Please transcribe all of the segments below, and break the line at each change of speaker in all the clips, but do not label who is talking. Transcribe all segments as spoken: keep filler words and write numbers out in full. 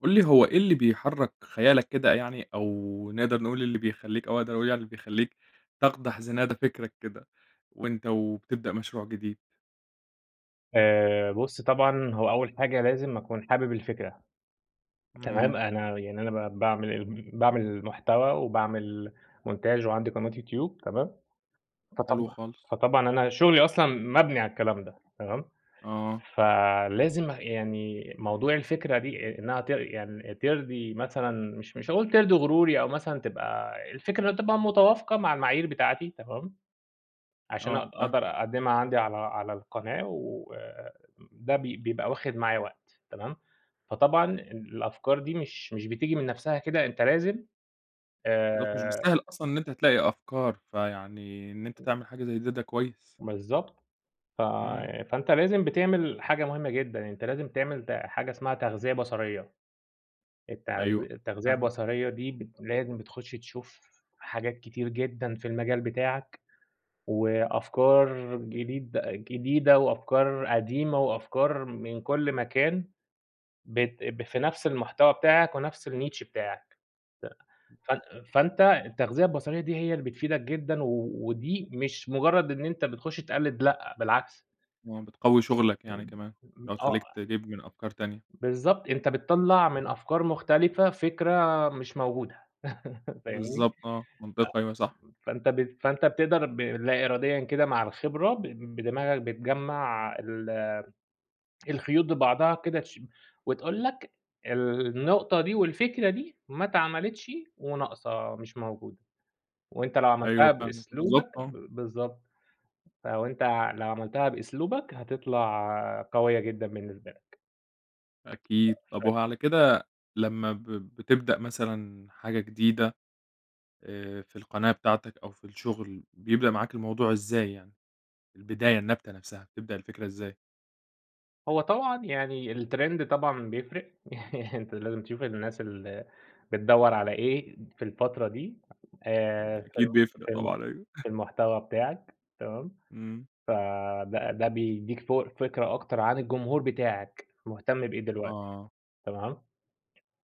قُل لي هو إيه اللي بيحرك خيالك كده يعني، أو نقدر نقول اللي بيخليك أو أقدر أقول يعني اللي بيخليك تقدح زناد فكرك كده وأنت وبتبدأ مشروع جديد؟
آآ بُص طبعًا هو أوّل حاجة لازم أكون حابب الفكرة. تمام
إمم.
أنا يعني أنا ب باعمل باعمل محتوى وباعمل مونتاچ وعندي قناة YouTube تمام،
حلو
فطب
خالص.
فطبعًا أنا شغلي أصلًا مبني على الكلام ده تمام،
آه.
فلازم يعني موضوع الفكرة دي آآ إنّها ت يعني ترضي مثلًا مش مش هاقول ترضي غروري، أو مثلًا تبقى الفكرة تبقى متوافقة مع المعايير بتاعتي تمام، عشان
آه،
أبقى
فاهمك.
أقدر أقدّمها عندي على على القناة وآآ ده ب بيبقى واخد معايا وقت تمام، فطبعًا ال الأفكار دي مش مش بتيجي من نفسها كده، أنت لازم
بالضبط. مش
آآ.
بالسهل أصلًا إن أنت تلاقي أفكار، فيعني إن أنت
[unintelligible]
تعمل حاجة زي ده، ده كويس.
بالضبط، ف
إمم.
فأنت لازم بتعمل حاجة مهمّة جدًا، أنت لازم تعمل ت حاجة اسمها تغذية بصرية. التـغ
أيوه،
التغذية
فاهمك.
البصرية دي بت لازم بتخش تشوف حاجات كتير جدًا في المجال بتاعك، وأفكار جديد جديدة وأفكار قديمة وأفكار من كل مكان، بت ب في نفس المحتوى بتاعك ونفس ال niche بتاعك، ف
امم.
فان فأنت التغذية البصرية دي هي اللي بتفيدك جدًا، و ودي مش مجرّد إن أنت بتخش تقلّد لأ، بالعكس
آه، بتقوي شُغلك يعني
[unintelligible]
كمان، اللى
.إمم
هو
آه
بتخليك تجيب من أفكار تانية.
بالضبط، أنت بتطلّع من
إمم.
أفكار مختلفة فكرة مش موجودة، فاهمني؟
بالضبط آه. منطقي، أيوه، صح.
ف م فأنت بت فأنت بتقدر بلا إراديًا كده مع الخبرة ب بدماغك بتجمّع ال الخيوط ببعضها كده شم وتقول لك النقطة دي والفكرة دي ما اتعملتش وناقصة مش موجودة، وأنت لو
أيوه،
عملتها
فاهمك. بالضبط،
بأسلوبك
آه.
با بالضبط، فلو أنت لو عملتها بأسلوبك هتطلع قويّة جدًا بالنسبة لك.
أكيد، طب هو على كده لما ب بتبدأ مثلًا حاجة جديدة، آآ، في القناة بتاعتك أو في الشغل بيبدأ معاك الموضوع إزاي يعني، البداية، النبتة نفسها، بتبدأ الفكرة إزاي؟
هو طبعًا يعني الترند طبعًا بيفرق، أنت لازم تشوف الناس ال بتدور على إيه في الفترة دي
امم،
آآ، في
أكيد بيفرق
في الم
طبعًا أيوه..
في المحتوى بتاعك تمام،
امم.
فده ده بيدّيك ف فكرة أكتر عن الجمهور بتاعك مهتم بإيه دلوقتي،
آه.
تمام،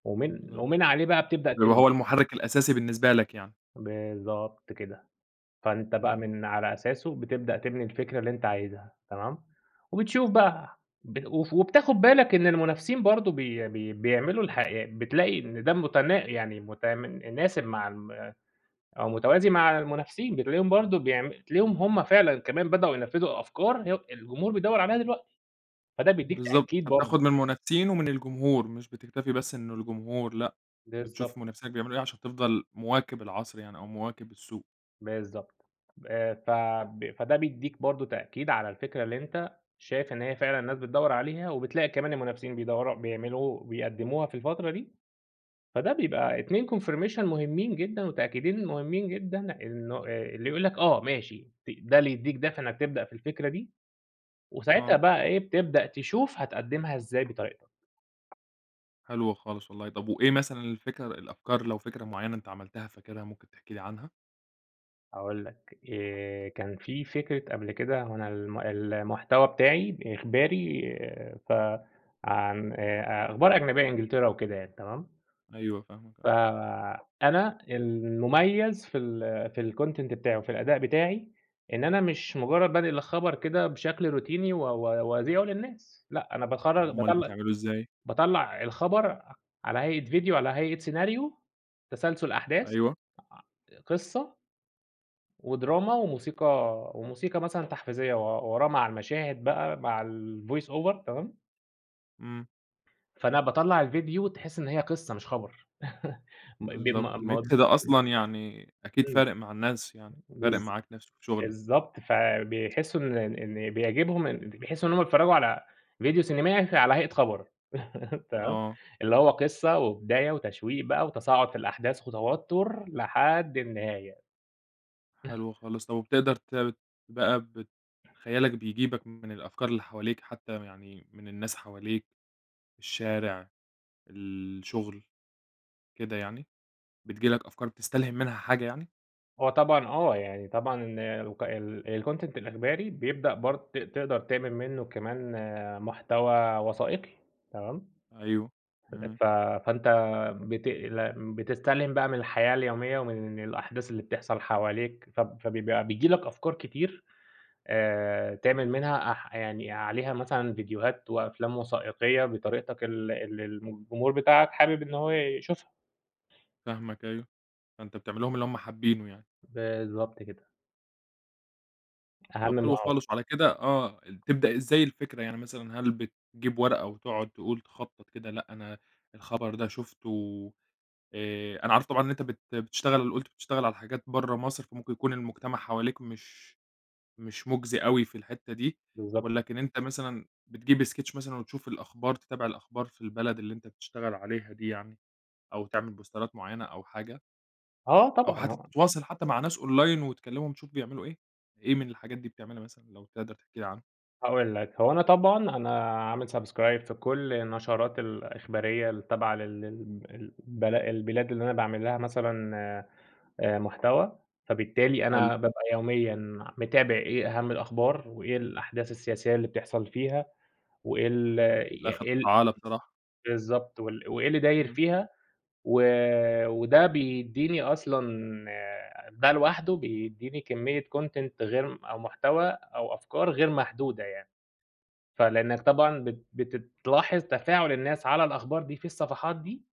ومن
بالضبط،
ومن عليه بقى بتبدأ
بيبقى
تبني.
هو المحرك الأساسي بالنسبة لك يعني.
بالضبط كده، فأنت بقى
إمم.
من على أساسه بتبدأ تبني الفكرة اللي أنت عايزها، تمام، وبتشوف بقى ب وف وبتاخد بالك إن المنافسين برضو بي بي بيعملوا الح يع بتلاقي إن ده متنا يعني متمناسب مع ال أو متوازي مع المنافسين، بتلاقيهم برضو بيعم بتلاقيهم هم فعلًا كمان بدؤوا ينفذوا أفكار هي الجمهور بيدور عليها دلوقتي، فده بيدّيك
بالضبط،
تأكيد
أنت بتاخد
برضو.
من المنافسين ومن الجمهور، مش بتكتفي بس إنه الجمهور لأ، بتشوف
بالضبط.
منافسينك بيعملوا إيه، عشان تفضل مواكب العصر يعني أو مواكب السوق.
بالضبط. آآ، ف ب فده بيديك برضه تأكيد على الفكرة اللي أنت شايف إن هي فعلًا الناس بتدور عليها وبتلاقي كمان المنافسين بيدوروا بيعملوا بيقدموها في الفترة دي، فده بيبقى اتنين confirmation مهمين جدًا، وتأكيدين مهمين جدًا، إنه آآ، اللي يقول لك، آه، ماشي، ت ده اللي يديك دافع إنك تبدأ في الفكرة دي وساعتها
آه.
بقى إيه، بتبدأ تشوف هتقدمها إزاي بطريقتك.
حلو خالص والله، طب وإيه مثلًا الفكرة الأفكار لو فكرة معينة أنت عملتها فاكرها، ممكن تحكي لي عنها؟
هاقول لك، آآ، كان في فكرة قبل كده هو أنا الم المحتوى بتاعي إخباري،
آه.
ف عن آآ، أخبار أجنبية، إنجلترا وكده يعني تمام،
أيوه فاهمك،
ف
آه.
أنا المميز في ال في الcontent بتاعي وفي الأداء بتاعي، إن أنا مش مجرد بانقل الخبر كده بشكل روتيني، و و وأذيعه للناس، لأ، أنا باخر
اُمّال
باطلع
بتعمله إزاي؟
باطلع الخبر ع على هيئة فيديو، على هيئة سيناريو، تسلسل أحداث
أيوه.
ع قصة ودراما وموسيقى وموسيقى مثلًا تحفيزية، و وراه مع المشاهد بقى مع الvoice over تمام.
إمم.
فأنا باطلَّع الڤيديو، تحس إن هي قصة مش خبر. [unintelligible]
بالضبط، الmix ده أصلًا يعني أكيد
أيوه.
فارق مع الناس يعني، وفارق
بالض
معاك نفسه في شغلك.
بالضبط، فبيحسوا إن إن إن بيعجبهم إن بيحسوا إن هم بيتفرجوا على ڤيديو سينيمائي في على هيئة خبر، تمام.
آه.
اللي هو قصة وبداية وتشويق بقى، وتصاعد في الأحداث، وتوتر، لحَد النهاية.
حلو خالص. طب وبتقدر ت بقى ب خيالك بيجيبك من الأفكار اللي حواليك حتى يعني، من الناس حواليك، الشارع، الشغل، كده يعني، بتيجي لك أفكار تستلهِم منها حاجة يعني؟
هو طبعًا آه، يعني طبعًا وق ال الcontent الإخباري بيبدأ برض ت تقدر تعمل منه كمان محتوى وثائقي، تمام.
أيوه،
ف
إمم.
ف فأنت بت ل بتستلهِم بقى من الحياة اليومية ومن الأحداث اللي بتحصل حواليك، فب فبيبقى بييجي لك أفكار كتير آآ تعمل منها أح يعني عليها مثلًا ڤيديوهات وأفلام وثائقية بطريقتك ال ال م الجمهور بتاعك حابب إن هو يشوفها.
فاهمك، أيوه. فأنت بتعمل لهم اللي هم حابينه يعني.
بالضبط كده. أهم
طب حلو
مهارة.
خالص على كده آه، ال تبدأ إزاي الفكرة؟ يعني مثلًا هل بتجيب ورقة وتقعد تقول تخطط كده؟ لأ، أنا الخبر ده شفته، آآ، أنا عارف طبعًا إن أنتَ بت بتشتغل قُلت بتشتغل على حاجات برّه مصر، فممكن يكون المجتمع حواليك مش مش مُجزي أوي في الحتّة دي.
بالضبط.
ولكن أنتَ مثلًا بتجيب sketch مثلًا وتشوف الأخبار، تتابع الأخبار في البلد اللي أنتَ بتشتغل عليها دي يعني؟ أو تعمل بوسترات معيّنة أو حاجة؟
آه،
أو
طبعًا
حتّى
آه.
تتواصل حتّى مع ناس أونلاين وتكلمهم، تشوف بيعملوا إيه؟ إيه من الحاجات دي بتعملها مثلًا لو تقدر تحكي لي عنها؟
هاقول لك، هو أنا طبعًا أنا عامل subscribe في كل النشرات الإخبارية التابعة لل ال البل البلاد اللي أنا باعمل لها مثلًا آآ محتوى، فبالتالي
حلو.
أنا بابقى يوميًا متابع إيه أهم الأخبار، وإيه الأحداث السياسيّة اللي بتحصل فيها، وإيه ال
إمم، لأ،
ي إيه
خطة
ال امم
فعالة بصراحة.
بالضبط، وال وإيه اللي داير
إمم.
فيها. و وده بيديني أصلًا آآ ده لوحده بيديني كميّة content غير م أو محتوى أو أفكار غير محدودة يعني. فلإنك طبعًا بت بتتلاحظ تفاعل الناس على الأخبار دي في الصفحات دي.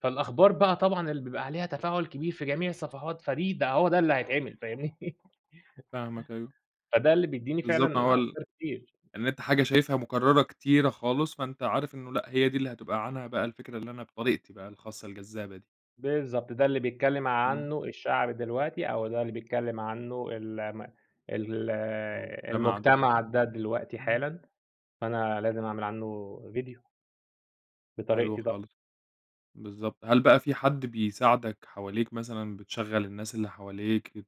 فالأخبار بقى طبعًا اللي بيبقى عليها تفاعل كبير في جميع الصفحات فدي بقى هو ده اللي هيتعمل فاهمني.
فاهمك أيوه.
فده اللي بيديني
بالضبط، ما
فعلًا
هو ال
أفكار كتير.
إن أنتَ حاجة شايفها مكررة كتيرة خالص فأنتَ عارف إنّه لأ، هي دي اللي هتبقى عنها بقى الفكرة اللي أنا بطريقتي الخاصة الجذابة دي.
بالضبط، ده اللي بيتكلِّم
إمم.
عنّه الشعب دلوقتي، أو ده اللي بيتكلّم عنّه الم ال
المجتمع ده بقى،
المجتمع ده دلوقتي
إمم.
حالًا، فأنا لازم أعمل عنّه ڤيديو.
حلو
بطريقتي طب
خالص، بالضبط، هل بقى في حد بيساعدك حواليك مثلًا، بتشغّل الناس اللي حواليك ات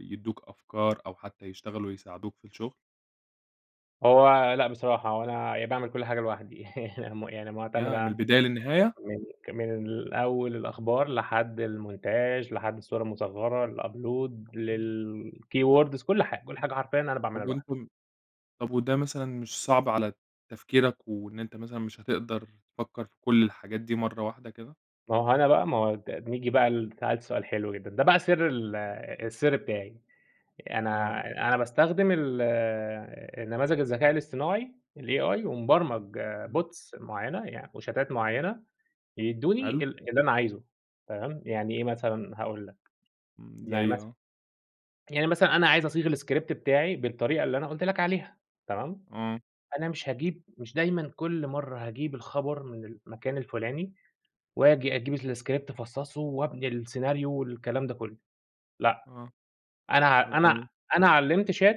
يدّوك أفكار أو حتّى يشتغلوا يساعدوك في الشغل؟
هو لأ، بصراحة هو أنا ي باعمل كل حاجة لوحدي، م يعني معتمد
ياه! من
عل
البداية للنهاية؟
من من أوّل الأخبار لحد المونتاچ لحد الصورة المصغرة، الupload،
إمم.
للkeywords كل حاجة، كل حاجة حرفيًا أنا باعملها
طب
لوحدي.
وأنتم طب وده مثلًا مش صعب على تفكيرك، وإن أنت مثلًا مش هتقدر تفكّر في كل الحاجات دي مرّة واحدة كده؟
ما هو أنا بقى ما هو ت نيجي بقى لبتاع ده سؤال حلو جدًا، ده بقى سر ال السر بتاعي، أنا
آه.
أنا باستخدم ال النماذج الذكاء الاصطناعي الAI، ومبرمج
تمام.
Bots معيّنة يعن وشاتات معيّنة
حلو.
يدّوني ال اللي أنا عايزُه تمام، يعني إيه مثلًا، هاقول لك،
آمم،
يعني
زي
مثلًا
آه.
يعني مثلًا أنا عايز أصيغ الScript بتاعي بالطريقة اللي أنا قُلت لك عليها تمام،
آه.
أنا مش هاجيب مش دايمًا كل مرّة هاجيب الخبر من المكان الفلاني، وآجي أجيب الScript افصّصه وأبني السيناريو والكلام ده كلّه. لأ،
آه، اُمّال
أنا
بتعمل
أنا
إيه؟
أنا علّمت chat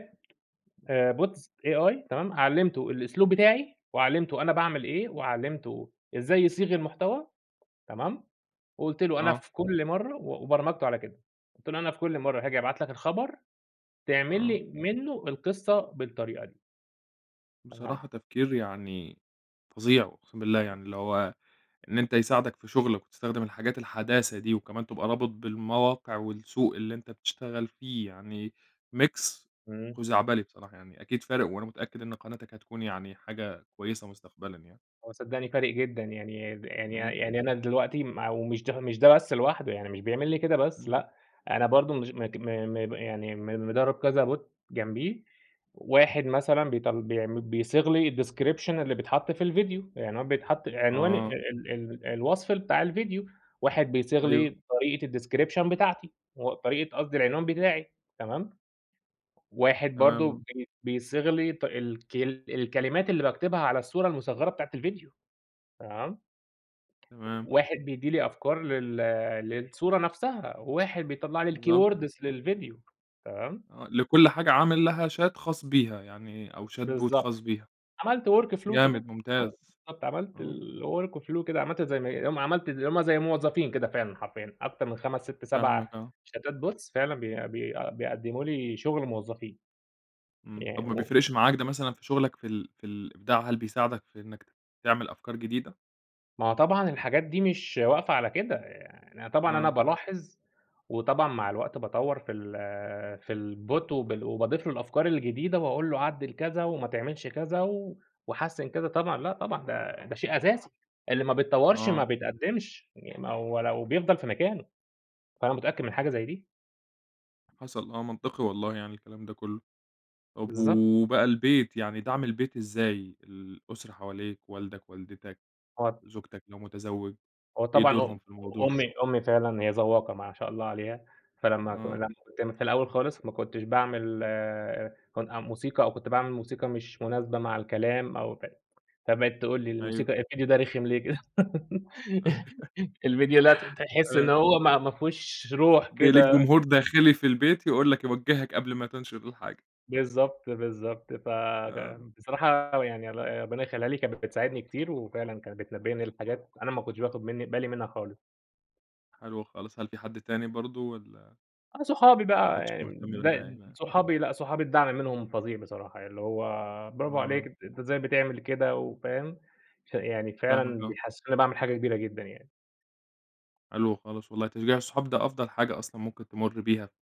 bots AI تمام، علّمته الأسلوب بتاعي، وعلّمته أنا باعمل إيه، وعلّمته إزاي يصيغ المحتوى تمام، وقُلت له: "أنا
آه.
في كل مرّة" و وبرمجته على كده، قلت له: "أنا في كل مرّة هاجي أبعت لك الخبر، تعمل
آه.
لي منّه القصّة بالطريقة دي." تمام.
بصراحة تفكير يعني فظيع، أقسم بالله
امم.
يعني، اللي هو إن أنتَ يساعدك في شغلك وتستخدم الحاجات الحداثة دي، وكمان تبقى رابط بالمواقع والسوق اللي أنتَ بتشتغل فيه، يعني Mix
إمم.
خزعبلي بصراحة، يعني أكيد فارق، وأنا متأكّد إن قناتك هتكون يعني حاجة كويّسة مستقبلًا يعني.
هو صدّقني فارق جدًا، يعني د يعني
إمم.
يعني أنا دلوقتي ما أو مش مش ده بس لوحده يعني، مش بيعمل لي كده بس،
إمم.
لأ، أنا برضه مش مج م م يعني م مدرّب كذا Bot جنبيه، واحد مثلًا بيطل بيعمل بيصيغ لي الdescription اللي بيتحط في الڤيديو، العنوان بيتحط عنوان
آه.
ال ال الوصف بتاع الڤيديو، واحد بيصيغ
أيوه.
لي طريقة الdescription بتاعتي، و طريقة قصدي العنوان بتاعي، تمام؟ واحد
تمام،
برضه
آه.
بي بيصيغ لي ت الك الكلمات اللي باكتبها على الصورة المصغرة بتاعة الڤيديو، تمام.
تمام.
واحد بيدي لي أفكار لل للصورة نفسها، وواحد بيطلع لي
بالضبط،
الkeywords
[unintelligible]
للفيديو، تمام.
آه، لكل حاجة عامل لها Chat خاص بيها يعني، أو Chat Bot خاص
بالضبط.
بيها،
عملت work flow
جامد
كده، [unintelligible] عمل
ممتاز،
بالضبط، عملت
آه.
الwork flow كده عملت زي ما ي [unintelligible] عملت اللي همّ زي موظفين كده فعلًا حرفيًا، أكتر من خمس، ست، سبع
فاهمك، آه.
شاتات Bots فعلًا بي بي بيقدموا لي شغل موظفين،
إمم، طب
ي
ما
و
بيفرقش معاك ده مثلًا في شغلك في ال في الإبداع، هل بيساعدك في إنّك ت تعمل أفكار جديدة؟
ما هو طبعًا الحاجات دي مش واقفة على كده، يع يعني طبعًا أنا
آه.
بالاحظ وطبعًا مع الوقت باطوّر في ال في الbot، وب وباضيف له الأفكار الجديدة وأقول له عدّل كذا وما تعملش كذا و وحسّن كذا طبعًا، لا طبعًا ده ده شيء أساسي، اللي ما بيتطورش ما
آه.
بيتقدمش. ما هو لو بيفضل في مكانه، فأنا متأكّد من حاجة زي دي.
حصل آه، منطقي والله يعني الكلام ده كلّه. طب
بالضبط.
وبقى البيت، يعني دعم البيت إزاي الأسرة حواليك، والدك، والدتك،
هو [unintelligible]
زوجتك لو متزوج،
هو
إيه
طبعًا أم
دورهم في الموضوع؟
أمي أمي فعلًا هي ذوّاقة ما شاء الله عليها، فلما ك
آه.
[unintelligible] كنت في الأوّل خالص ما كنتش باعمل آآ كنت أ موسيقى أو كنت باعمل موسيقى مش مناسبة مع الكلام أو [unintelligible] فبقت تقول لي:
أيوه.
الموسيقى الڤيديو ده رخم ليه كده؟" "الڤيديو لا ت تحس إن
آه.
هو ما ما فيهوش
[unintelligible]
روح
بقي ليك
كده."
جمهور داخلي في البيت يقول لك، يوجهك قبل ما تنشر الحاجة.
بالضبط، بالضبط، ف
آه.
كانت بصراحة أوي يعني، لا، ربنا يخليها لي كانت بت بتساعدني كتير، وفعلًا كانت بتنبهني لحاجات أنا ما كنتش باخد مِنّي بالي منها خالص.
حلو خالص، هل في حد تاني برضه والّا
آه، صحابي
ما
بقى
حدش
يعني
مهتم بالباقي
ده
بقى؟
صحابي، لأ، صحابي الدعم منهم فظيع بصراحة، اللي هو براڨو عليك
آه.
أنت أنت إزاي بتعمل كده؟ و فاهم، ف يعني
فاهمك،
فعلًا
آه.
بيحسسوني إنّي باعمل حاجة كبيرة جدًا يعني.
حلو خالص والله، تشجيع الصحاب ده أفضل حاجة أصلًا ممكن تمر بيها في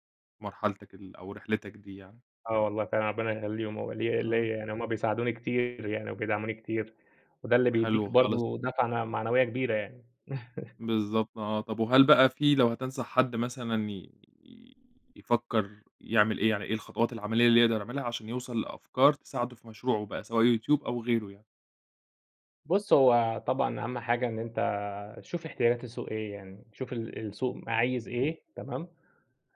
مرحلتك ال أو رحلتك دي يعني.
آه والله فعلًا ربنا يخليهم لي
آه.
ليَّا يعني همّ بيساعدوني كتير يعني وبيدعموني كتير. وده اللي
حلو
بيدّيك
خالص.
برضه دفعة م معنويّة كبيرة يعني.
بالضبط آه، طب وهل بقى في لو هتنصح حد مثلًا ي ي يفكر يعمل إيه، يعني إيه الخطوات العمليّة اللي يقدر يعملها عشان يوصل لأفكار تساعده في مشروعه بقى، سواء YouTube أو غيره يعني؟
بص، هو طبعًا أهم حاجة إن أنت تشوف احتياجات السوق إيه يعني، شوف ال السوق
إمم.
عايز إيه، تمام؟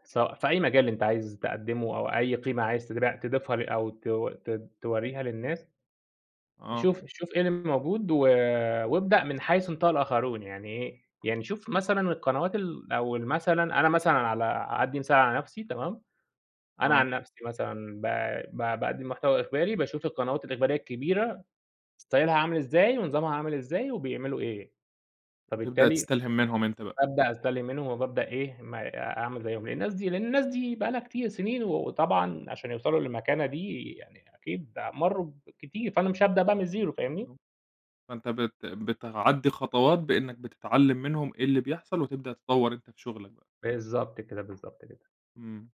سواء في أي مجال أنت عايز تقدمه، أو أي قيمة عايز تجر تضيفها ل أو تو ت توريها للناس
آه.
شوف شوف إيه اللي موجود و وابدأ من حيث انتهى الآخرون، يعني إيه، يعني شوف مثلًا القنوات ال أو ال مثلًا أنا مثلًا على هادّي مثال على نفسي، تمام؟ أنا
آه.
عن نفسي مثلًا ب ب باقدم محتوى إخباري باشوف القنوات الإخبارية الكبيرة ستايلها عامل إزاي ونظامها عامل إزاي وبيعملوا إيه،
وتبدأ
فبالتالي
تستلهم منهم أنت بقى.
بابدأ أستلهم منّهم وبابدأ إيه، ما أ أعمل زيهم، لأن الناس دي لأن الناس دي بقى لها كتير، سنين، وطبعًا عشان يوصلوا للمكانة دي يعني أكيد مرّوا بكتير، فأنا مش هابدأ بقى من الزيرو، فاهمني؟
بالضبط، فأنت بت بتعدي خطوات بأنك بتتعلم منهم إيه اللي بيحصل، وتبدأ تطوّر أنت في شغلك بقى.
بالضبط كده، بالضبط كده.
إمم،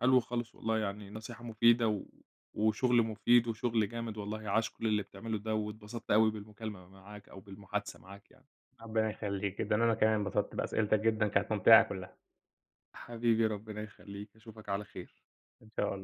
حلو خالص والله، يعني نصيحة مفيدة و وشغل مفيد وشغل جامد والله عاش كل اللي بتعمله ده، واتبسطت أوي بالمكالمة معاك أو بالمحادثة معاك يعني.
ربنا يخليك جدًا، أنا كمان انبسطت بأسئلتك جدًا، كانت ممتعة كلّها.
حبيبي، ربنا يخليك، أشوفك على خير.
إن شاء الله.